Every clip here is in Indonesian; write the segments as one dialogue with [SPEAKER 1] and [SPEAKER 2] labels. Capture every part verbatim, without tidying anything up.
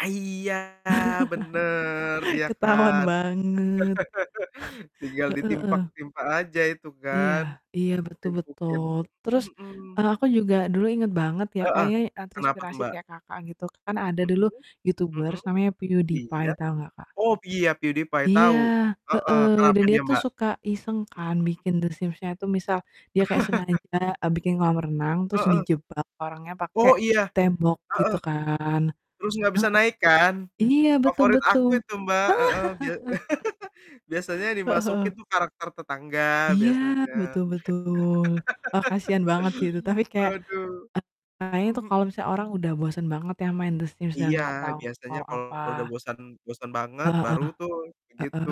[SPEAKER 1] Ah, iya bener. Iya
[SPEAKER 2] Ketahuan
[SPEAKER 1] kan.
[SPEAKER 2] banget.
[SPEAKER 1] Tinggal
[SPEAKER 2] Heeh heeh.
[SPEAKER 1] ditimpak-timpa aja itu
[SPEAKER 2] Iya,
[SPEAKER 1] kan.
[SPEAKER 2] iya betul
[SPEAKER 1] Timpuk-timpukin.
[SPEAKER 2] betul. Terus,
[SPEAKER 1] Mhm.
[SPEAKER 2] eee, aku juga dulu inget banget ya,
[SPEAKER 1] Heeh.
[SPEAKER 2] kayaknya, eee,
[SPEAKER 1] Kenapa tuh,
[SPEAKER 2] terinspirasi
[SPEAKER 1] Mbak?
[SPEAKER 2] kayak Kakak gitu, kan ada dulu
[SPEAKER 1] Mhm, mhm.
[SPEAKER 2] YouTubers namanya
[SPEAKER 1] Iya.
[SPEAKER 2] PewDiePie tau nggak, Kak?
[SPEAKER 1] Oh iya, PewDiePie
[SPEAKER 2] Iya,
[SPEAKER 1] tahu. Heeh,
[SPEAKER 2] heeh, dan
[SPEAKER 1] kenapa
[SPEAKER 2] dia
[SPEAKER 1] dia,
[SPEAKER 2] tuh
[SPEAKER 1] Mbak?
[SPEAKER 2] suka iseng kan
[SPEAKER 1] Mhm mhm.
[SPEAKER 2] bikin The Sims-nya itu misal, dia kayak sengaja, eee, bikin kolam renang terus
[SPEAKER 1] Heeh.
[SPEAKER 2] dijebak orangnya pake
[SPEAKER 1] Oh iya.
[SPEAKER 2] tembok
[SPEAKER 1] Heeh.
[SPEAKER 2] gitu kan.
[SPEAKER 1] Terus nggak bisa
[SPEAKER 2] Heeh.
[SPEAKER 1] naik kan?
[SPEAKER 2] Iya, betul
[SPEAKER 1] Favorit
[SPEAKER 2] betul.
[SPEAKER 1] aku itu, Mbak. Heeh. Bia biasanya
[SPEAKER 2] Heeh heeh.
[SPEAKER 1] dimasukin tuh karakter tetangga
[SPEAKER 2] Iya,
[SPEAKER 1] biasanya.
[SPEAKER 2] betul betul. Wah, kasihan banget sih itu tapi kayak,
[SPEAKER 1] Aduh.
[SPEAKER 2] arahnya
[SPEAKER 1] Mhm
[SPEAKER 2] tuh
[SPEAKER 1] mhm.
[SPEAKER 2] kalau misalnya orang udah bosen banget ya, main The Sims udah
[SPEAKER 1] Iya,
[SPEAKER 2] nggak tahu
[SPEAKER 1] biasanya
[SPEAKER 2] mau apa.
[SPEAKER 1] kalau udah bosan bosan banget
[SPEAKER 2] Heeh.
[SPEAKER 1] baru tuh
[SPEAKER 2] Heeh.
[SPEAKER 1] gitu.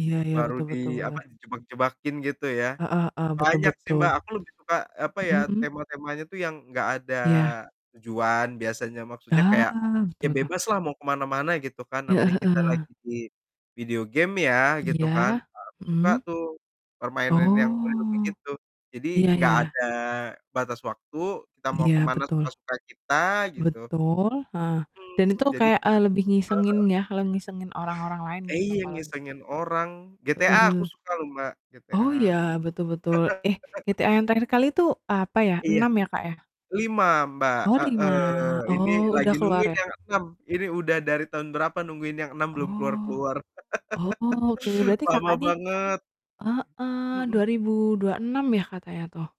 [SPEAKER 2] Iya iya,
[SPEAKER 1] Baru
[SPEAKER 2] betul
[SPEAKER 1] di
[SPEAKER 2] betul
[SPEAKER 1] apa,
[SPEAKER 2] beleh.
[SPEAKER 1] jebak-jebakin gitu ya.
[SPEAKER 2] Heeh heeh. Betul
[SPEAKER 1] Banyak sih,
[SPEAKER 2] betul.
[SPEAKER 1] Mbak, aku lebih suka, apa ya,
[SPEAKER 2] Mhm mhm.
[SPEAKER 1] tema-temanya tuh yang nggak ada
[SPEAKER 2] Iya.
[SPEAKER 1] tujuan biasanya. Maksudnya kayak
[SPEAKER 2] Ah,
[SPEAKER 1] ya
[SPEAKER 2] betul betul.
[SPEAKER 1] bebaslah mau ke mana-mana gitu kan,
[SPEAKER 2] Heeh
[SPEAKER 1] namanya kita
[SPEAKER 2] heeh.
[SPEAKER 1] lagi di video game ya, gitu kan.
[SPEAKER 2] Iya.
[SPEAKER 1] Ah, aku suka
[SPEAKER 2] Mhm.
[SPEAKER 1] tuh permainan yang [unintelligible]
[SPEAKER 2] Oh.
[SPEAKER 1] begitu. Jadi
[SPEAKER 2] Iya
[SPEAKER 1] nggak
[SPEAKER 2] iya.
[SPEAKER 1] ada batas waktu, kita mau ke
[SPEAKER 2] Iya,
[SPEAKER 1] mana
[SPEAKER 2] betul.
[SPEAKER 1] suka-suka kita gitu.
[SPEAKER 2] Betul, heeh. Dan itu
[SPEAKER 1] Mmm. Jadi heeh
[SPEAKER 2] kayak, eee, lebih ngisengin
[SPEAKER 1] heeh.
[SPEAKER 2] ya, kalau ngisengin orang-orang lain gitu,
[SPEAKER 1] Iya,
[SPEAKER 2] kalo di
[SPEAKER 1] ngisengin orang. GTA aku
[SPEAKER 2] Heeh.
[SPEAKER 1] suka loh Mbak, GTA.
[SPEAKER 2] Oh iya, betul betul. Eh, GTA yang terakhir kali itu apa ya?
[SPEAKER 1] Iya.
[SPEAKER 2] Enam ya, Kak, ya?
[SPEAKER 1] lima, Mbak,
[SPEAKER 2] Oh lima.
[SPEAKER 1] heeh. Ini
[SPEAKER 2] Oh, udah
[SPEAKER 1] lagi
[SPEAKER 2] keluar
[SPEAKER 1] nungguin
[SPEAKER 2] ya?
[SPEAKER 1] yang enam. Ini udah dari tahun berapa nungguin yang enam belum
[SPEAKER 2] Oh,
[SPEAKER 1] keluar-keluar.
[SPEAKER 2] oke. Berarti
[SPEAKER 1] Lama
[SPEAKER 2] Kakak nih
[SPEAKER 1] banget!
[SPEAKER 2] heeh,
[SPEAKER 1] Mhm.
[SPEAKER 2] dua ribu dua enam yah katanya tuh?